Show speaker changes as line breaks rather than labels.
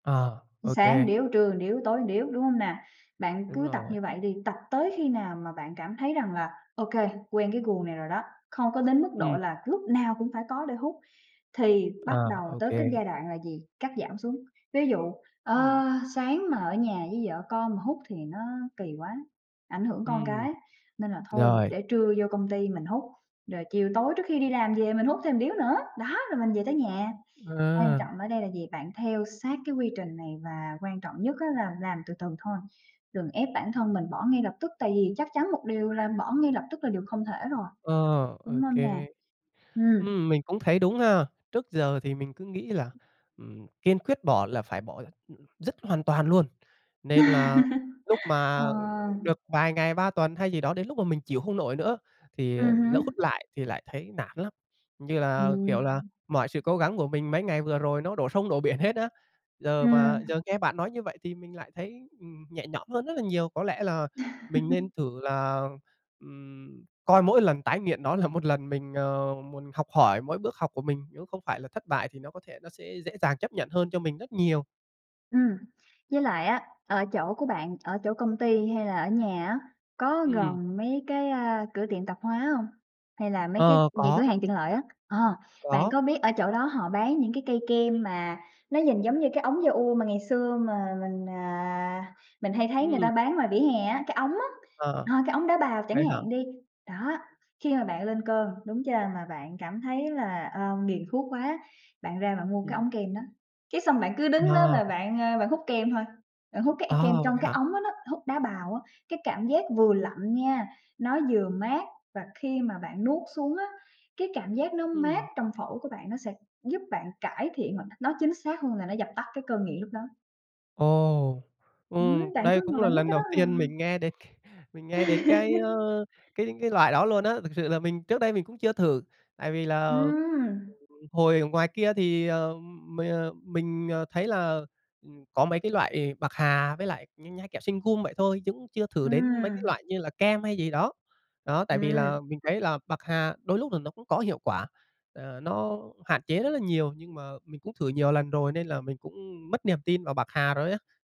À, ô
Sáng một
kê.
điếu, trưa một điếu, tối một điếu, đúng hông nè? Bạn
Đúng
cứ tập
rồi
như
ạ.
vậy đi, tập tới khi nào mà bạn cảm thấy rằng là OK, quen cái guồng này rồi đó, không có đến mức độ
Ừm.
là lúc nào cũng phải có để hút thì
À,
bắt đầu
ô
tới
kê.
cái giai đoạn là gì? Cắt giảm xuống. Ví dụ,
Ừm.
ơ, sáng mà ở nhà với vợ con mà hút thì nó kì quá, ảnh hưởng con
Ừm,
cái nên là thôi,
rồi.
để trưa vô công ty mình hút, rồi chiều tối trước khi đi làm về mình hút thêm một điếu nữa, đó, rồi mình về tới nhà. Quan
À.
trọng ở đây là gì? Bạn theo sát cái quy trình này và quan trọng nhất á, là làm từ từ thôi, đừng ép bản thân mình bỏ ngay lập tức, tại vì chắc chắn một điều là bỏ ngay lập tức là điều không thể rồi,
Ờ, ô
đúng hông nè?
kê.
Ừm.
Ừm, mình cũng thấy đúng ha, trước giờ thì mình cứ nghĩ là, ừm, kiên quyết bỏ là phải bỏ l dứt hoàn toàn luôn, nên là, lúc
Ờ.
mà được vài ngày ba tuần hay gì đó đến lúc mà mình chịu hông nổi nữa thì
Ừm
lỡ
hứm.
hút lại thì lại thấy nản lắm. Như là, kiểu là,
Ừm.
mọi sự cố gắng của mình mấy ngày vừa rồi nó đổ sông đổ biển hết á. Giờ mà
Ừm.
giờ nghe bạn nói như vậy thì mình lại thấy, ừm, nhẹ nhõm hơn rất là nhiều. Có lẽ là, mình nên thử là, ừm, coi mỗi lần tái nghiện nó là một lần mình, ờ, muốn học hỏi mỗi bước học của mình, nếu không phải là thất bại thì nó có thể nó sẽ dễ dàng chấp nhận hơn cho mình rất nhiều.
Ừm, với lại á, ở chỗ của bạn, ở chỗ công ty hay là ở nhà á, có
Ừm.
gần mấy cái, a, cửa tiệm tạp hóa hông? Hay là mấy cái
Ờ,
những cửa
có.
hàng tiện lợi á? Ờ, bạn
Có.
có biết ở chỗ đó họ bán những cái cây kem mà nó nhìn giống như cái ống da-ua mà ngày xưa mà mình, à, mình hay thấy người ta
Ừm.
bán ngoài vỉa hè á, cái ống á,
Ờ,
ờ, cái ống đá bào chẳng
vậy hả?
hạn đi, đó. Khi mà bạn lên cơn, đúng chưa? Mà bạn cảm thấy là, ơ, nghiện thuốc quá, bạn ra bạn mua cái
Ừm.
ống kem đó. Cái xong bạn cứ đứng đó
Ờ.
và bạn, ơ, bạn hút kem thôi, bạn hút cái e cái kem
Ờ, vậy
trong cái
hả?
ống đó đó, hút đá bào á. Cái cảm giác vừa lạnh nha, nó vừa mát và khi mà bạn nuốt xuống á, cái cảm giác nó mát
Ừm.
trong phổi của bạn, nó sẽ giúp bạn cải thiện hoặc nói chính xác hơn là nó dập tắt cái cơn nghiện lúc đó.
Ồ,
Ừm,
ừm,
bạn
đây
cứ
cũng
ngồi
là
hút
lần
cái đó
đầu
hà.
tiên mình nghe đến c mình nghe đến cái, ơ, cái cái loại đó luôn á, thực sự là mình, trước đây mình cũng chưa thử. Tại vì là, ừm,
Ừm.
hồi ở ngoài kia thì, ờ, m mình, ờ, thấy là, ừm, có mấy cái loại bạc hà với lại như nhai kẹo singum vậy thôi, chứ cũng chưa thử đến mấy cái
Ừm.
loại như là kem hay gì đó. Đó, tại vì
Ừm.
là mình thấy là bạc hà đôi lúc là nó cũng có hiệu quả. Ờ, nó hạn chế rất là nhiều nhưng mà mình cũng thử nhiều lần rồi nên là mình cũng mất niềm tin vào bạc hà rồi á.